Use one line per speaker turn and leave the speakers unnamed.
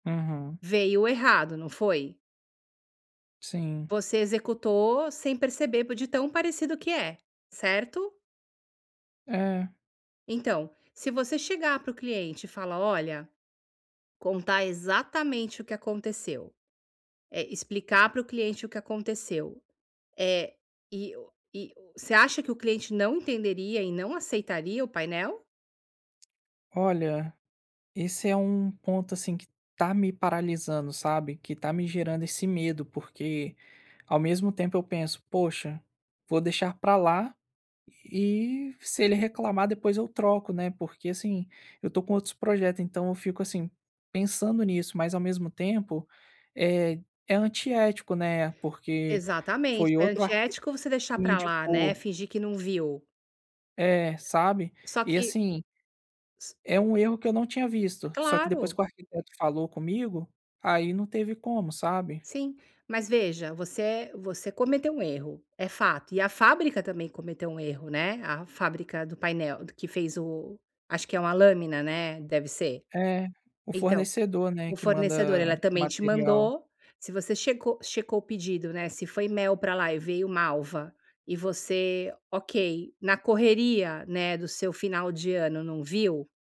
Uhum.
Veio errado, não foi?
Sim.
Você executou, sem perceber, de tão parecido que é, certo?
É.
Então, se você chegar para o cliente e falar: “Olha!”, contar exatamente o que aconteceu, eh, explicar pro cliente o que aconteceu, eh, e e você acha que o cliente não entenderia e não aceitaria o painel?
Olha, esse é um ponto, assim, que tá me paralisando, sabe, que tá me gerando esse medo, porque ao mesmo tempo eu penso: “Poxa, vou deixar pra lá e, se ele reclamar, depois eu troco, né”, porque assim, eu tô com outros projetos, então, eu fico, assim, pensando nisso, mas ao mesmo tempo, é é antiético, né, porque
Exatamente,
foi
é
outro, arqui
antiético você deixar
me
pra lá, né,
indicou.
fingir que não viu.
É, sabe,
Só
e
que,
assim
s
é um erro que eu não tinha visto, só que, depois que
Claro.
o arquiteto falou comigo, aí não teve como, sabe?
Sim, mas veja, você é você cometeu um erro, é fato, e a fábrica também cometeu um erro, né, a fábrica do painel que fez o acho que é uma lâmina, né. Deve ser.
É, o
Então,
fornecedor, né,
o
que
fornecedor,
manda
ela
o
também te
material.
mandou, se você checou checou o pedido, né, se foi mel pra lá e veio malva, e você, ok, na correria, né, do seu final de ano não viu